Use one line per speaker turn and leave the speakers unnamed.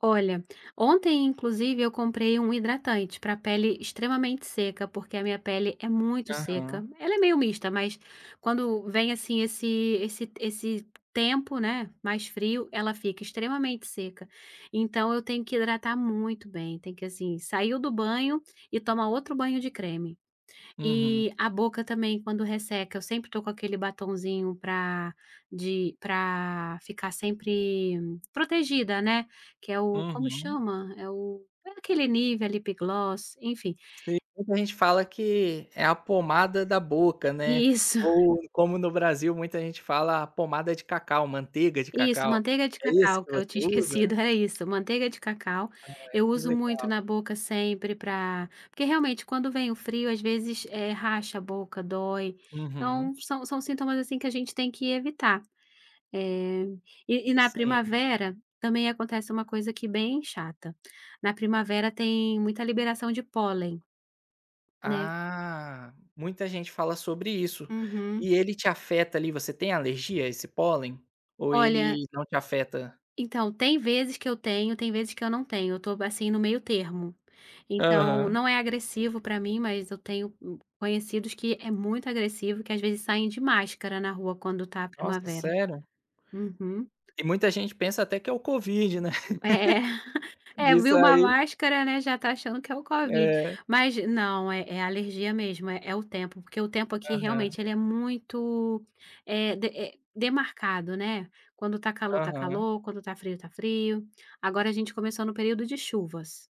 Olha, ontem inclusive, eu comprei um hidratante pra pele extremamente seca. Porque, a minha pele é muito seca,
Aham.
ela é meio mista, mas, quando, vem assim esse esse t esse tempo, né, mais frio, ela fica extremamente seca. Então, eu tenho que hidratar muito bem, tem que assim. Saiu do banho, e toma outro banho de creme.
Uhum.
Eh, a boca também quando resseca, eu sempre tô com aquele "batonzinho" pra de pra, ficar sempre, protegida, né. Que é o. Como
Uhum.
chama? É o é aquele Nívea, Lip Gloss, enfim
Sim, muita gente fala que, é a "pomada da boca", né.
Isso.
Ou, como no Brasil muita gente fala a "pomada de cacau", manteiga de
Isso!
cacau.
Manteiga de
É esse
cacau.
que
Que é o que eu
você
tinha
usa?
esquecido, É isso, manteiga de cacau.
Ah,
Eu
que
uso muito
legal.
na boca sempre pra Porque realmente, quando vem o frio às vezes, eh, racha a boca, dói. Então,
Uhum.
são são sintomas, assim, que a gente tem que evitar. Eh. E e na
Sim.
primavera, também acontece uma coisa, aqui bem chata. Na primavera tem muita liberação de pólen, né.
Hã, muita gente fala sobre isso.
Uhum.
E ele te afeta, ali, você tem alergia a esse pólen? Ou
Olha
ele não te afeta?
Então, tem vezes que eu tenho, tem vezes que eu não tenho. Eu tô assim no meio termo. Então,
Aham.
não é agressivo pra mim mas eu tenho, hum, conhecidos que é muito agressivo, que às vezes saem de máscara na rua quando tá a
Nossa!
primavera.
Sério.
Uhum.
E muita gente pensa até que é o COVID, né.
É, é
De
viu uma
sair
máscara, né, já tá achando que é o COVID.
É.
Mas, não é é alergia mesmo. É é o tempo. Porque o tempo aqui
Aham.
realmente ele é muito, eh de é demarcado, né. Quando tá calor tá
Aham.
calor, quando tá frio tá frio. Agora a gente começou no período de chuvas.